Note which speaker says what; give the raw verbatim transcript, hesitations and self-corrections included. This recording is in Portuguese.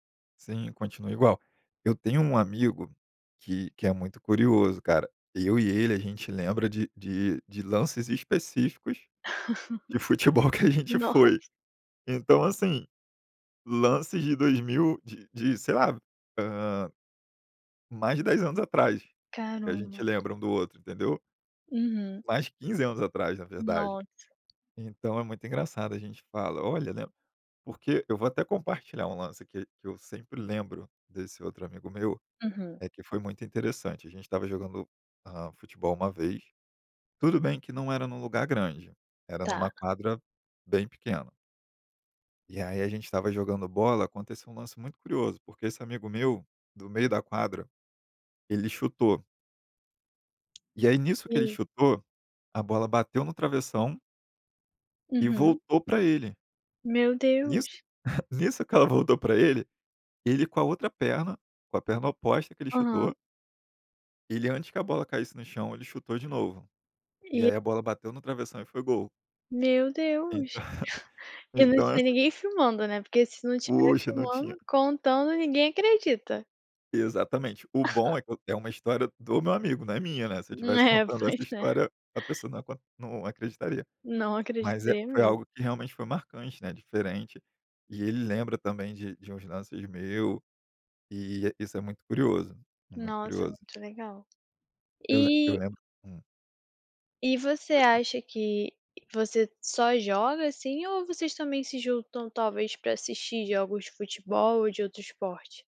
Speaker 1: Sim, continua igual. Eu tenho um amigo que que é muito curioso, cara. Eu e ele a gente lembra de de de lances específicos de futebol que a gente
Speaker 2: Nossa.
Speaker 1: foi. Então, assim, lances de dois mil de de sei lá, ah, mais de dez anos atrás, que a gente
Speaker 2: Caramba.
Speaker 1: lembra um do outro, entendeu.
Speaker 2: Uhum.
Speaker 1: Mais de quinze anos atrás na verdade.
Speaker 2: Nossa.
Speaker 1: Então é muito engraçado, a gente fala: "Olha" né, porque eu vou até compartilhar um lance aqui que eu sempre lembro desse outro amigo meu,
Speaker 2: Uhum.
Speaker 1: é que foi muito interessante, a gente estava jogando, ah, futebol uma vez, tudo bem que não era em um lugar grande, era em
Speaker 2: Tá.
Speaker 1: numa quadra bem pequena. E aí a gente estava jogando bola, aconteceu um lance muito curioso, porque esse amigo meu, do meio da quadra, ele chutou. E aí nisso que ele
Speaker 2: E
Speaker 1: chutou, a bola bateu no travessão e
Speaker 2: Uhum.
Speaker 1: voltou para ele.
Speaker 2: Meu
Speaker 1: Nisso
Speaker 2: Deus!
Speaker 1: nisso que ela voltou para ele, ele com a outra perna, com a perna oposta que ele
Speaker 2: Aham.
Speaker 1: chutou ele antes que a bola caísse no chão, ele chutou de novo. E
Speaker 2: E
Speaker 1: aí a bola bateu no travessão e foi gol.
Speaker 2: Meu
Speaker 1: Ent
Speaker 2: Deus! E não
Speaker 1: então,
Speaker 2: tinha
Speaker 1: assim
Speaker 2: ninguém filmando, né, porque se não tiver
Speaker 1: Poxa, não tinha.
Speaker 2: filmando, contando ninguém acredita.
Speaker 1: Exatamente. O bom é que eu é uma história do meu amigo, não é minha, né, se eu estivesse
Speaker 2: Né,
Speaker 1: contando
Speaker 2: pois
Speaker 1: essa
Speaker 2: é.
Speaker 1: história, a pessoa não ia co não acreditaria.
Speaker 2: Não
Speaker 1: Mas é
Speaker 2: acreditei
Speaker 1: foi
Speaker 2: me
Speaker 1: algo que realmente foi marcante, né, diferente, e ele lembra também de de uns lances meu, e isso é muito curioso, muito
Speaker 2: Nossa,
Speaker 1: curioso.
Speaker 2: muito legal.
Speaker 1: Eu lem eu
Speaker 2: E
Speaker 1: lembro hum.
Speaker 2: e você
Speaker 1: [unintelligible]
Speaker 2: acha que, você só joga assim, ou vocês também se juntam, talvez, para assistir jogos de futebol ou de outro esporte?